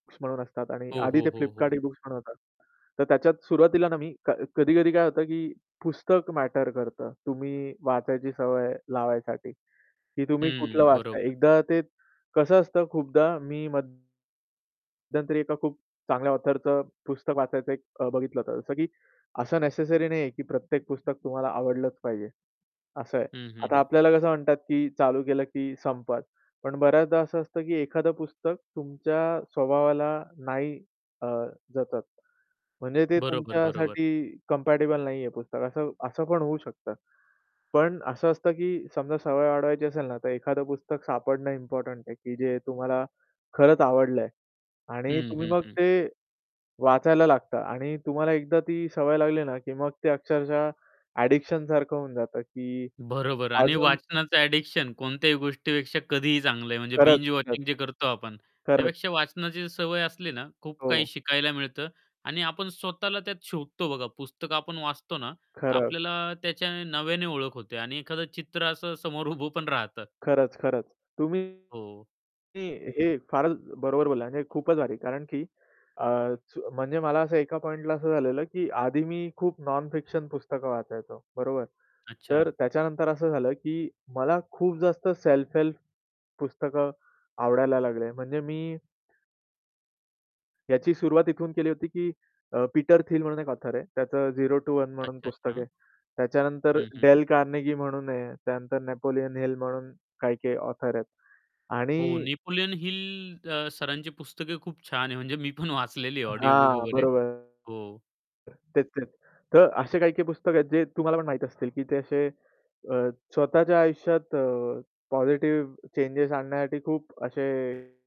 [unintelligible] असतात आणि हो, आधी हो, ते हो, Flipkart हो. ई-बुक्स म्हणून होता. तर त्याच्यात सुरुवातीला ना मी क कधी-कधी काय होतं, की पुस्तक मॅटर करतं. तुम्ही वाचायची सवय लावायसाठी की तुम्ही कुठलं हं, वाचताय? बरोबर. एकदा ते कसं असतं खूपदा मी मध्यंतरी एका खूप चांगल्या ऑथरचं पुस्तक वाचायचं एक अ, बघितलं होतं. जसं की असं नेसेसरी नाही आहे, की प्रत्येक पुस्तक तुम्हाला आवडलंच पाहिजे. असं आहे. हं, हं, आता हं. आपल्याला कसं म्हणतात, की चालू केलं की संपत. पण बऱ्याचदा असं असतं की एखादं पुस्तक तुमच्या स्वभावाला नाही अ, जतत. म्हणजे ते बरोबर, बरोबर. तुमच्यासाठी कंपॅटिबल नाहीये पुस्तक. असं असं पण होऊ शकतं. पण असं असतं, की समजा सवय वाढवायची असेल ना, तर एखादं पुस्तक सापडणं इम्पोर्टंट आहे, की जे तुम्हाला खरंच आवडलं आहे. आणि हं, तुम्ही हं, मग हं. ते वाचायला लागता आणि तुम्हाला एकदा ती सवय लागली ना की मग ते अक्षरशः ॲडिक्शनसारखं होऊन जातं, की बरोबर. आणि अजून वाचनाचं ॲडिक्शन कोणत्याही गोष्टीपेक्षा कधीही चांगलं आहे, म्हणजे खरंच, बिंज खरंच. वॉचिंग जे करतो आपण, खरंच. त्यापेक्षा वाचनाची सवय असली ना, खूप काही हो. शिकायला मिळतं आणि आपण स्वतःला त्यात शोधतो बघा. पुस्तक आपण वाचतो ना, तर खरं. आपल्याला त्याच्या नव्याने ओळख होते आणि एखादं चित्र असं समोर उभं पण राहतं. खरंच, खरंच. तुम्ही हो. हे फारच बरोबर बोलला म्हणजे खूपच भारी. कारण की अ, सु म्हणजे मला असं एका पॉइंटला असं झालेलं की आधी मी खूप नॉन-फिक्शन पुस्तकं वाचायचो. बरोबर. अच्छा. तर त्याच्यानंतर असं झालं, की मला खूप जास्त सेल्फ-हेल्प पुस्तकं आवडायला लागले. म्हणजे मी याची सुरुवात इथून केली होती, की अ, पीटर थिल म्हणून एक ऑथर आहे. त्याचं झेरो टु वन म्हणून पुस्तक अच्छा-अच्छा. आहे. त्याच्यानंतर हं, हं, डेल हं. कार्नेगी म्हणून आहे. त्यानंतर नेपोलियन हिल म्हणून काही-काही ऑथर आहेत. हो, आणि नेपोलियन हिल अ, सरांची पुस्तके खूप छान आहे, म्हणजे मी पण वाचलेली आहे ऑडिओ बुक हां, वगैरे. बरोबर. हो. तेच-तेच. तर असे काही-काही पुस्तकं आहेत, जे तुम्हाला पण माहीत असतील की ते असे अ, स्वतःच्या आयुष्यात अ, पॉझिटिव्ह चेंजस आणण्यासाठी खूप असे